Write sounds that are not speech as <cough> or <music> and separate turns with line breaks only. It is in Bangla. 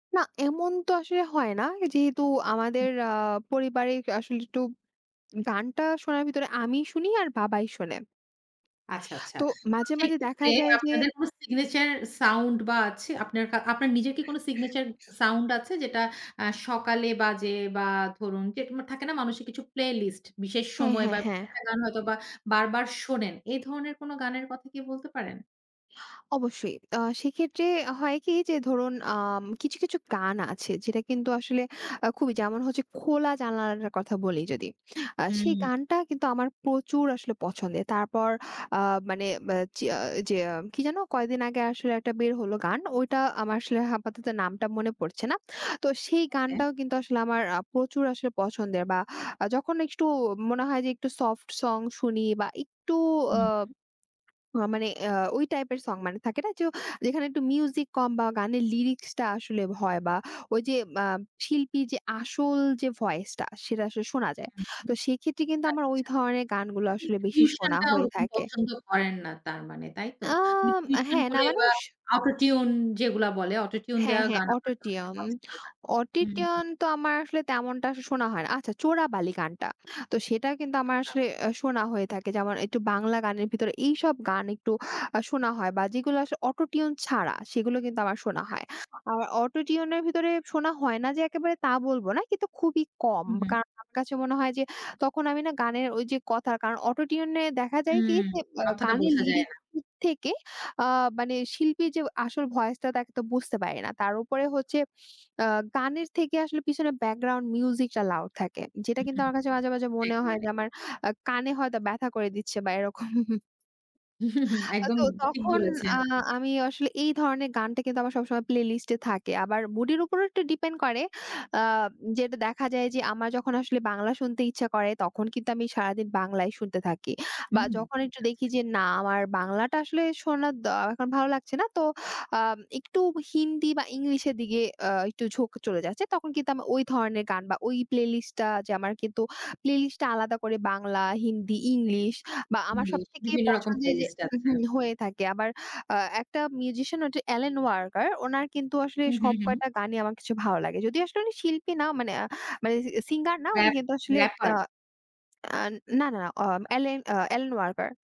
না, এমন তো আসলে হয় না, যেহেতু
হু।
আমাদের আ পারিবারিক আসলে একটু গানটা শোনার ভিতরে আমিই শুনি আর বাবাই শোনে।
আচ্ছা, আচ্ছা।
তো
তো
মাঝে, মাঝে দেখা
সেক্ষেত্রে
যায় যে
আপনাদের কোন signature sound বা আছে আপনার কা আপনার নিজের কি কোন signature sound আছে, যেটা আ সকালে বাজে, বা ধরুন যে তোমার থাকে না, মানুষের কিছু প্লেলিস্ট বিশেষ
হ্যাঁ,
সময়, বা
হ্যাঁ, হ্যাঁ।
একটা গান হয়তোবা বারবার শোনেন এ ধরনের কোন গানের কথা কি বলতে পারেন?
অবশ্যই, আ সেক্ষেত্রে হয় কি? যে ধরুন আম কিছু, কিছু গান আছে, যেটা কিন্তু আসলে আ খুবই যেমন হচ্ছে, 'খোলা জানালাটার' কথা বলি যদি, আ সেই
হুম।
গানটা কিন্তু আমার প্রচুর আসলে পছন্দের। তারপর আ মানে বে যে, চিয়া জেয়াম কি যেন কয়েকদিন আগে আসলে একটা বের হলো গান ওইটা, আমার আসলে আপাতত নামটা মনে পড়ছে না। তো সেই
ওকে।
গানটাও কিন্তু আসলে আমার আ প্রচুর আসলে পছন্দের, বা যখন একটু মনে হয় যে একটু সফট সং শুনি, বা একটু আ
উম
আ মানে অ্যা ওই টাইপের সং মানে থাকে না যে যেখানে একটু মিউজিক কম, বা গানের লিরিক্সটা আসলে ভয় বা ওই যে মাম শিল্পী যে আসল যে ভয়েসটা সেটা আসলে শোনা যায়।
হুম।
তো সেক্ষেত্রে কিন্তু আমার ওই
আচ্ছা।
ধরনের গানগুলো আসলে বেশি শোনা
টিউশনটা
হয়ে
ওরকম
থাকে।
পছন্দ করেন না তার মানে তাই তো? মানে
আম
টিউশন
হ্যাঁ, না
করে
মানে
বা
স
Auto-Tune যেগুলা বলে Auto-Tune
হ্যাঁ,
দেওয়া
হ্যাঁ
গান আবার অনেকে
Auto-Tune,
পছন্দ করে না। হু, হু।
Auto-Tune তো আমার আসলে তেমনটা শোনা হয় না। আচ্ছা, 'চোরাবালি' গানটা তো সেটা কিন্তু আমার
আচ্ছা।
আসলে আ শোনা হয়ে থাকে, যেমন একটু বাংলা গানের ভিতরে এইসব গান একটু আ শোনা হয়, বা যেগুলো আসলে Auto-Tune ছাড়া সেগুলো কিন্তু আমার শোনা হয়,
আচ্ছা।
আর Auto-Tune এর ভিতরে শোনা হয় না, যে একেবারে তা বলবো না। কিন্তু খুবই কম
হুম, হুম।
কারণ আমার কাছে মনে হয় যে তখন আমি না গানের ওই যে কথা কারণ অটো টিউনে দেখা যায়
হুম,
কি, যে অ্যা
কথাটা
গানের
বোঝা যায়
লিরিক
না।
থেকে আ মানে শিল্পীর যে আসল ভয়েসটা তাকে তো বুঝতে পারি না। তার উপরে হচ্ছে আ গানের থেকে আসলে পিছনে ব্যাকগ্রাউন্ড মিউজিকটা লাউড থাকে, যেটা
হু,
কিন্তু
হু।
আমার কাছে মাঝে, মাঝে মনে হয় যে
<unintelligible>
আমার আ কানে হয়তো ব্যথা করে দিচ্ছে, বা এরকম।
<chuckles>
<chuckles> আ
একদম
তো
ঠিক
তখন
বলেছেন।
আ আমি আসলে, এই ধরনের গানটা কিন্তু আমার সবসময় প্লেলিস্ট এ থাকে। আবার mood এর উপরও একটু ডিপেন্ড করে, আ যেটা দেখা যায় যে আমার যখন আসলে বাংলা শুনতে ইচ্ছা করে, তখন কিন্তু আমি সারাদিন বাংলায় শুনতে থাকি। বা
হুম,
যখন একটু দেখি
আচ্ছা।
যে না আমার বাংলাটা আসলে শোনা দ এখন ভালো লাগছে না, তো আম একটু হিন্দি বা ইংলিশের দিকে আ একটু ঝোঁক চলে যাচ্ছে, তখন কিন্তু আমার ওই ধরনের গান, বা ওই প্লেলিস্ট, লিস্ট টা যে আমার কিন্তু প্লে লিস্টটা আলাদা করে বাংলা, হিন্দি, ইংলিশ বা আমার
জি,
সবথেকে
বিভিন্ন রকম
পছন্দের যে
প্লেলিস্ট আছে।
উহু, হয়ে থাকে। আবার আ একটা মিউজিশিয়ান হচ্ছেন এলেন ওয়াকার ওনার কিন্তু আসলে
হুম, হুম,
সব
হুম।
কয়টা গানই আমার কাছে ভালো লাগে। যদিও আসলে উনি শিল্পী না, মানে আ মানে সি সিঙ্গার না, উনি
র‍্যাপ,
কিন্তু আসলে আ
র‍্যাপার।
আন না, না, না অম এলেন অ এলেন ওয়াকার।